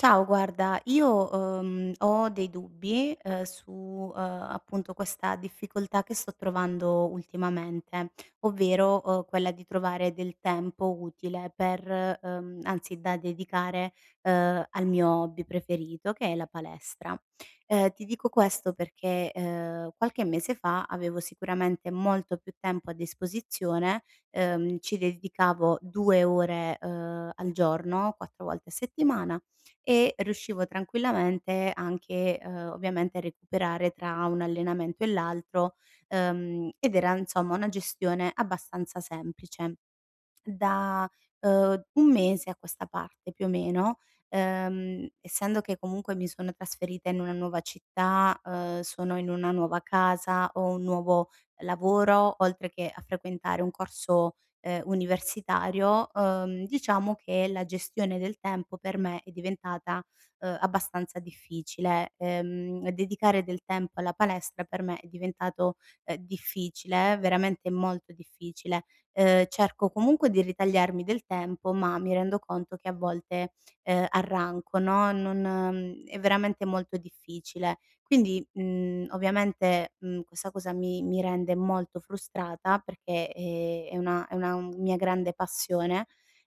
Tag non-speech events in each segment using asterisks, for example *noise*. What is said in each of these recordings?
Ciao guarda io, uhm, ho dei dubbi, uhm, su, uhm, appunto questa difficoltà che sto trovando ultimamente. Ovvero, uhm, quella di trovare del tempo utile per uhm, anzi da dedicare, uhm, al mio hobby preferito che è la palestra. Uhm, ti dico questo perché, uhm, qualche mese fa, avevo sicuramente molto più tempo a disposizione, uhm, ci dedicavo 2 ore, uhm al giorno 4 volte a settimana e riuscivo tranquillamente, anche, uhm, ovviamente a recuperare tra un allenamento e l'altro, uhm, ed era insomma una gestione abbastanza semplice. Da, uhm, 1 mese a questa parte più o meno, uhm, essendo che comunque mi sono trasferita in una nuova città, uhm, sono in una nuova casa, ho un nuovo lavoro oltre che a frequentare un corso, uhm, universitario, uhm, diciamo che la gestione del tempo per me è, diventata, uhm, abbastanza difficile. Uhm, dedicare del tempo alla palestra per me è diventato, uhm, difficile, veramente molto difficile. Uhm, cerco comunque di ritagliarmi del tempo, ma mi rendo conto che, a volte, uhm, arranco no, non è veramente molto difficile. Quindi, mhmm, ovviamente, mhmm, questa cosa mi mi rende molto frustrata perché, ehm, è una è una mia grande passione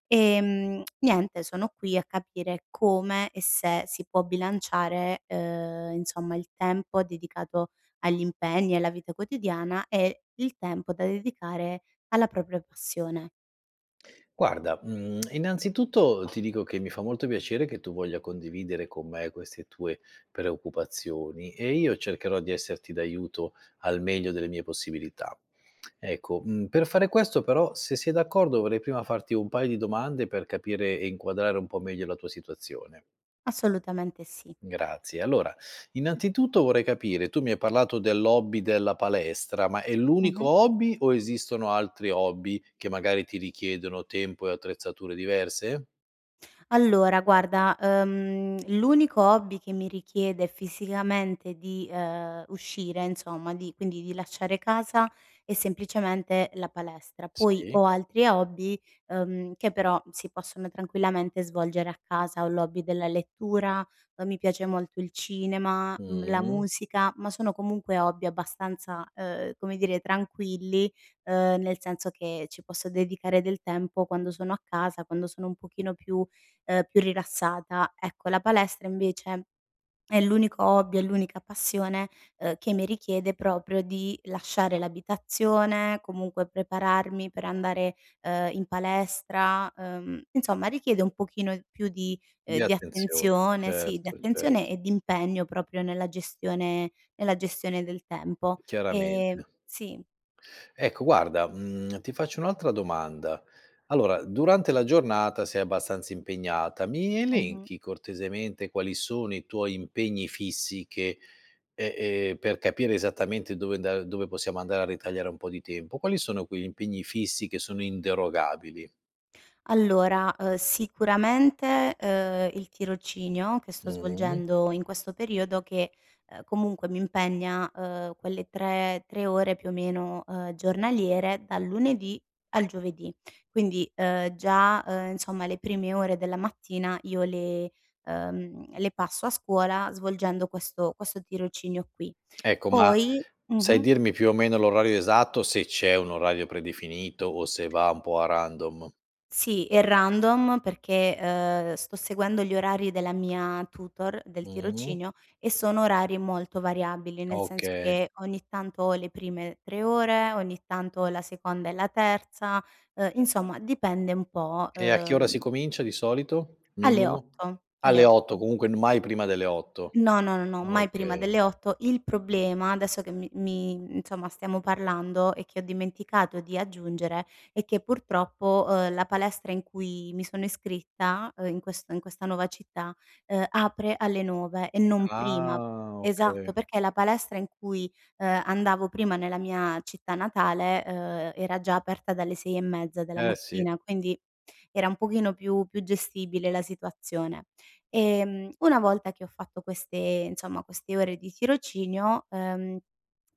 ehm, niente sono qui a capire come e se si può bilanciare, uhm, insomma, il tempo dedicato agli impegni e alla vita quotidiana e il tempo da dedicare alla propria passione. Guarda, mhmm, *smacks lips* innanzitutto, uhm, ti dico che mi fa molto piacere che tu voglia condividere con me queste tue preoccupazioni, e io cercherò di esserti d'aiuto al meglio delle mie possibilità. Ecco, mhmm, per fare questo però se sei d'accordo vorrei prima farti un paio di domande per capire e inquadrare un po' meglio la tua situazione. Assolutamente sì. Grazie, allora innanzitutto vorrei capire tu mi hai parlato dell'hobby della palestra: ma è l'unico Mh-mh. hobby o esistono altri hobby che magari ti richiedono tempo e attrezzature diverse? Allora guarda, uhm, l'unico hobby che mi richiede fisicamente di, ehm, uscire insomma, di quindi di lasciare casa è semplicemente la palestra. Poi Sì. ho altri hobby, uhm, che però si possono tranquillamente svolgere a casa: ho l'hobby della lettura, ehm, mi piace molto il cinema, mhmm, la Mh. musica, ma sono comunque hobby abbastanza, uhm, come dire, tranquilli, uhm, nel senso che ci posso dedicare del tempo quando sono a casa, quando sono un pochino più ehm, più rilassata. Ecco, la palestra invece è l'unico hobby, è l'unica passione, uhm, che mi richiede proprio di lasciare l'abitazione, comunque prepararmi per andare, uhm, in palestra, uhm, insomma richiede un pochino più di ehm, Di di attenzio attenzione sì, di Certo, attenzione certo. e di impegno proprio nella gestione nella gestione del tempo. Ehm Chiaramente. si. Ecco guarda, mhmm, ti faccio un'altra domanda: allora durante la giornata sei abbastanza impegnata, mi Mh-mh. elenchi, cortesemente, quali sono i tuoi impegni fissi che ehm, ehm, per capire esattamente dove anda dove possiamo andare a ritagliare un po' di tempo. Quali sono quegli impegni fissi che sono inderogabili? Allora, uhm, sicuramente, uhm, il tirocinio che sto Mh-mh. svolgendo in questo periodo che, uhm, comunque mi impegna, uhm, quelle 3, 3 ore, più o meno, uhm, giornaliere dal lunedì al giovedì. Quindi, uhm, già, uhm, insomma le prime ore della mattina io le, uhm, le passo a scuola svolgendo questo questo tirocinio qui. Ecco ma Poi sai mh-mh. dirmi, più o meno, l'orario esatto, se c'è un orario predefinito o se va un pò a random? Sì, è random perché, uhm, sto seguendo gli orari della mia tutor del Mh-mh. tirocinio, e sono orari molto variabili, nel senso Okay. che ogni tanto ho le prime 3 ore, ogni tanto ho la seconda e la terza, uhm, insomma dipende un pò, E a che ora si uhm comincia di solito? Alle Minimo? 8.00 alle Alle 8:00, 8:00. comunque n mai prima delle 8:00. No, no, no, no, mai prima Okay. delle 8:00. Il problema, adesso che mi mi insomma, stiamo parlando e che ho dimenticato di aggiungere, è che purtroppo, uhm, la palestra in cui mi sono iscritta, uhm, in questo in questa nuova città, uhm, apre alle 9:00 e non prima. Ah, okay. Esatto, perché la palestra in cui, uhm, andavo prima nella mia città natale, uhm, era già aperta dalle 6 e mezza della Eh, si. mattina, quindi era un pochino più più gestibile la situazione. Ehm, una volta che ho fatto queste, insomma, queste ore di tirocinio, ehm,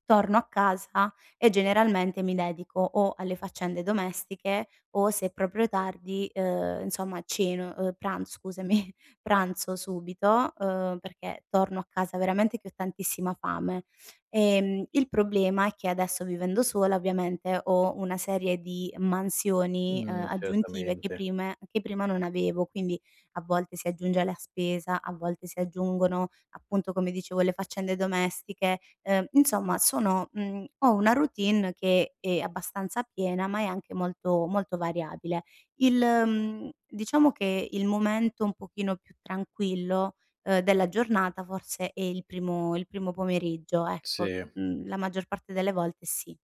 torno a casa e generalmente mi dedico o alle faccende domestiche o, se è proprio tardi, uhm, insomma ceno uhm, pranz scusami, pranzo subito, uhm, perché torno a casa veramente che ho tantissima fame. Ehm, il problema è che adesso vivendo sola, ovviamente ho una serie di mansioni, uhm, Mh, aggiuntive che certamente. prima che prime non avevo; quindi, a volte si aggiunge la spesa, a volte si aggiungono appunto, come dicevo, le faccende domestiche, ehm insomma sono, mhmm, ho una routine che è abbastanza piena ma è anche molto molto variabile. Il, mhmm, diciamo che il momento un pochino più tranquillo, uhm, della giornata forse è il primo il primo pomeriggio, ecco; Si. mhmm, la maggior parte delle volte sì.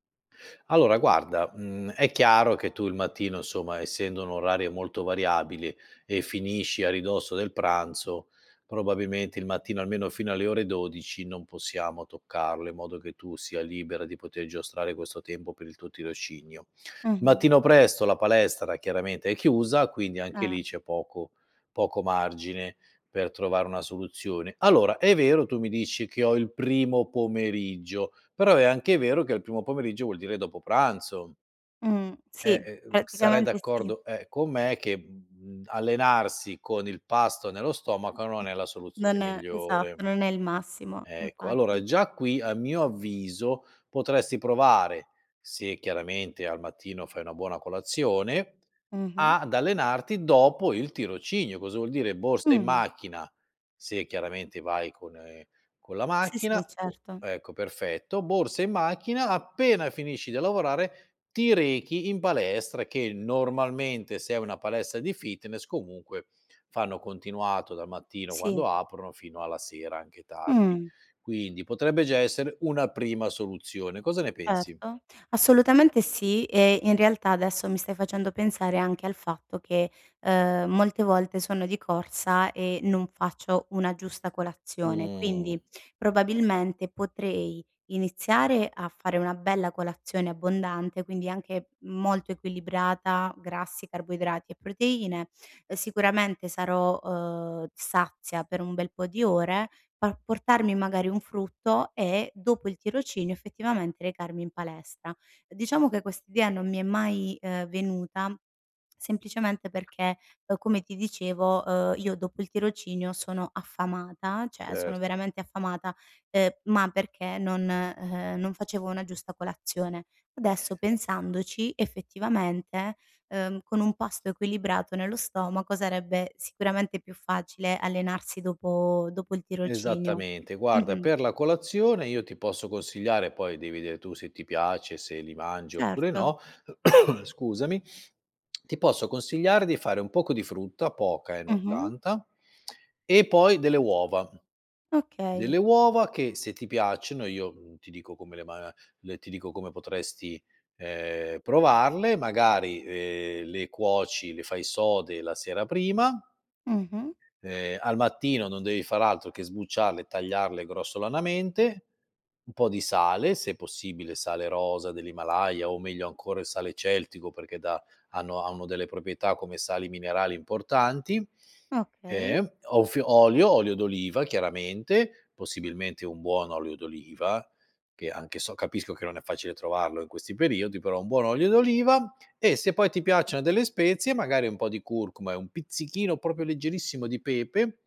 Allora guarda, mhmm, è chiaro che tu il mattino, insomma, essendo un orario molto variabile, e finisci a ridosso del pranzo, probabilmente il mattino, almeno fino alle ore 12:00, non possiamo toccarlo in modo che tu sia libera di poter giostrare questo tempo per il tuo tirocinio. Mh-mh. Mattino presto la palestra, chiaramente, è chiusa quindi anche Eh. lì c'è poco poco margine per trovare una soluzione. Allora, è vero tu mi dici che "Ho il primo pomeriggio," però è anche vero che al primo pomeriggio vuol dire dopo pranzo. Mhmm, E sì. e ehm, sarai Praticamente sì. d'accordo, ehm, con me, mhmm, che allenarsi con il pasto nello stomaco non è la soluzione Non è migliore. esatto. Non è il massimo. Ecco. Allora Infatti già qui a mio avviso, potresti provare, se chiaramente al mattino fai una buona colazione Mh-mh. ad allenarti dopo il tirocinio. Cosa vuol dire: borsa in Mh. macchina, se chiaramente vai con, ehm con la Sì, macchina sì, o certo. ecco, perfetto: borsa in macchina, appena finisci di lavorare ti rechi in palestra che, normalmente, se è una palestra di fitness comunque, fanno continuato dal mattino Sì. quando aprono, fino alla sera anche tardi. Mh. Quindi potrebbe già essere una prima soluzione, cosa ne pensi? Certo. Assolutamente sì e in realtà adesso mi stai facendo pensare anche al fatto che, uhm, molte volte sono di corsa e non faccio una giusta colazione, Mh. quindi probabilmente potrei iniziare a fare una bella colazione abbondante, quindi anche molto equilibrata: grassi, carboidrati e proteine; uhm, sicuramente sarò, uhm, sazia per un bel po' di ore, pa portarmi magari un frutto e, dopo il tirocinio effettivamente recarmi in palestra. Diciamo che questa idea non mi è mai, uhm, venuta semplicemente perché, uhm, come ti dicevo, uhm, io dopo il tirocinio sono affamata, cioè sono Certo. veramente affamata, uhm, ma perché non, e ehm non facevo una giusta colazione. Adesso pensandoci, effettivamente, uhm, con un pasto equilibrato nello stomaco sarebbe sicuramente più facile allenarsi dopo dopo il tirocinio. Esattamente. Guarda, Mh-mh. per la colazione io ti posso consigliare, poi devi vedere tu se ti piace, se li mangi oppure Certo. no *coughs* scusami, *smacks lips* ti posso consigliare di fare un poco di frutta, poca eh, non Mh-mh. tanta, *smacks lips* e poi delle uova. Okay. Delle uova che, se ti piacciono, io, mhmm, ti dico come le ma le ti dico come potresti, ehm, provarle: magari, ehm, le cuoci, le fai sode la sera prima Mh-mh. ehm, al mattino non devi far altro che sbucciarle, tagliarle grossolanamente; un po' di sale, se possibile sale rosa dell'Himalaya o meglio ancora il sale celtico perché dà hanno hanno delle proprietà come sali minerali importanti; Okay. eh, o f olio olio d'oliva chiaramente, possibilmente un buon olio d'oliva che anche so capisco che non è facile trovarlo in questi periodi, però un buon olio d'oliva; e se poi ti piacciono delle spezie magari un po' di curcuma e un pizzichino, proprio leggerissimo di pepe,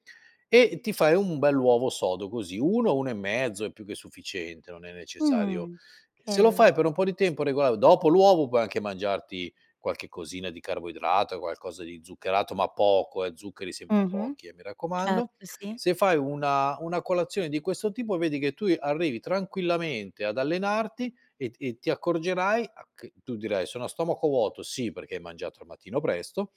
e ti fai un bell'uovo sodo così. 1, 1 e mezzo è più che sufficiente, non è necessario Mh. se lo Okay. fai per un po' di tempo regola dopo l'uovo puoi anche mangiarti, qualche cosina di carboidrato, qualcosa di zuccherato ma poco, eh, zuccheri sempre Mh-mh. pochi eh, mi Certo, raccomando. sì. Se fai una una colazione di questo tipo, vedi che tu e arrivi tranquillamente ad allenarti e ti ti accorgerai a che tu dirai: "Sono a stomaco vuoto", sì perché hai mangiato al mattino presto,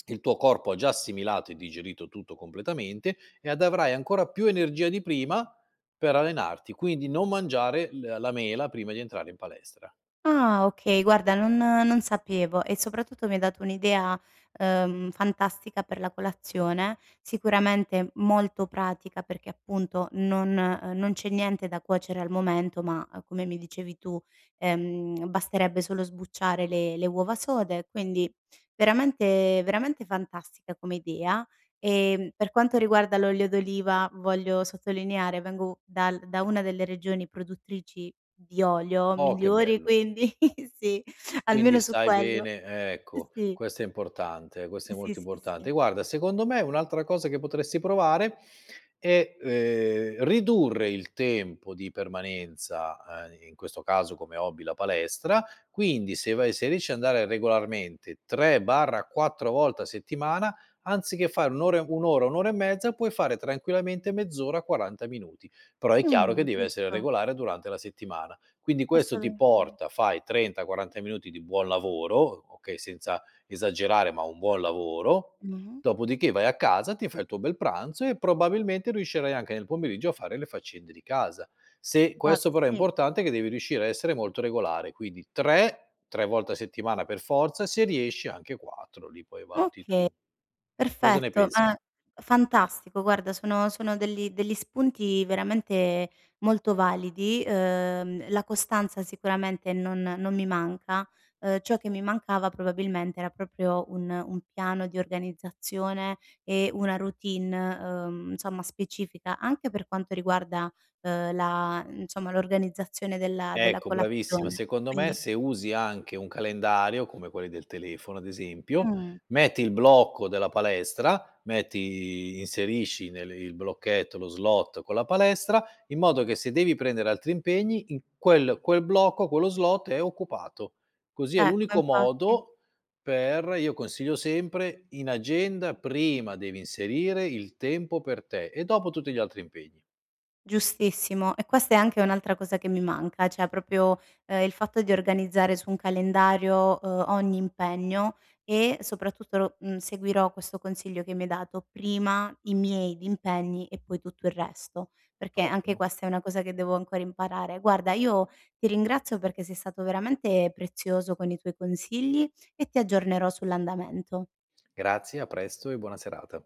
*smacks lips* il tuo corpo ha già assimilato e digerito tutto completamente e ad avrai ancora più energia di prima, per allenarti. Quindi non mangiare l la mela prima di entrare in palestra. Ah, okay. Guarda non non sapevo e soprattutto mi hai dato un'idea, uhm, fantastica per la colazione, sicuramente molto pratica perché appunto non, uhm non c'è niente da cuocere al momento ma, ehm, come mi dicevi tu, ehm, basterebbe solo sbucciare le le uova sode, quindi veramente veramente fantastica come idea. Ehm, per quanto riguarda l'olio d'oliva, voglio sottolineare: vengo dal da una delle regioni produttrici di olio Oh, che migliori, bello. quindi sì, almeno Quindi su sai quello bene eh ecco, sì. questo è importante questo Eh è sì, molto sì, importante. sì. Guarda secondo me un'altra cosa che potresti provare è, ehm, ridurre il tempo di permanenza, ehm, in questo caso come hobby la palestra; quindi se vai se riesci ad andare regolarmente 3/4 volte a settimana, anziché fare 1 ore 1 ora, 1 ora e mezza, puoi fare tranquillamente mezz'ora, 40 minuti; però è chiaro che Mh, deve essere giusto. regolare durante la settimana. Quindi questo ti Assolutamen porta, fai 30,40 minuti di buon lavoro, o okay, senza esagerare ma un buon lavoro; Mh-mh. dopodiché vai a casa, ti fa il tuo bel pranzo e probabilmente riuscirai anche nel pomeriggio a fare le faccende di casa. Se questo Guarda, però è sì. importante che devi riuscire ad essere molto regolare; quindi 3 3 volte a settimana per forza, se riesci anche 4 li poi valuti Oka tu. Cosa ne perfetto. pensi? Ah fantastico guarda sono sono degli degli spunti veramente molto validi. Uhm, la costanza sicuramente non non mi manca. Uhm, ciò che mi mancava probabilmente era proprio un un piano di organizzazione e una routine, uhm, insomma specifica anche per quanto riguarda, uhm, la, mhmm insomma l'organizzazione della della Ecco, bravissima. colazione. Secondo me, Quindi se usi anche un calendario, come quelli del telefono ad esempio, Mh. metti il blocco della palestra, metti i inserisci nel il blocchetto lo slot con la palestra, in modo che se devi prendere altri impegni in quel quel blocco, quello slot è occupato. Così è Ecco, l'unico infatti. modo per io consiglio sempre: in agenda prima devi inserire il tempo per te e dopo tutti gli altri impegni. Giustissimo, e questa è anche un'altra cosa che mi manca, cioè proprio, ehm, il fatto di organizzare su un calendario, uhm, ogni impegno e soprattutto lo mhmm, seguirò questo consiglio che mi hai dato: prima i miei impegni e poi tutto il resto; perché anche Ottimo. questa è una cosa che devo ancora imparare. Guarda io ti ringrazio perché sei stato veramente prezioso con i tuoi consigli e ti aggiornerò sull'andamento. Grazie a presto e buona serata.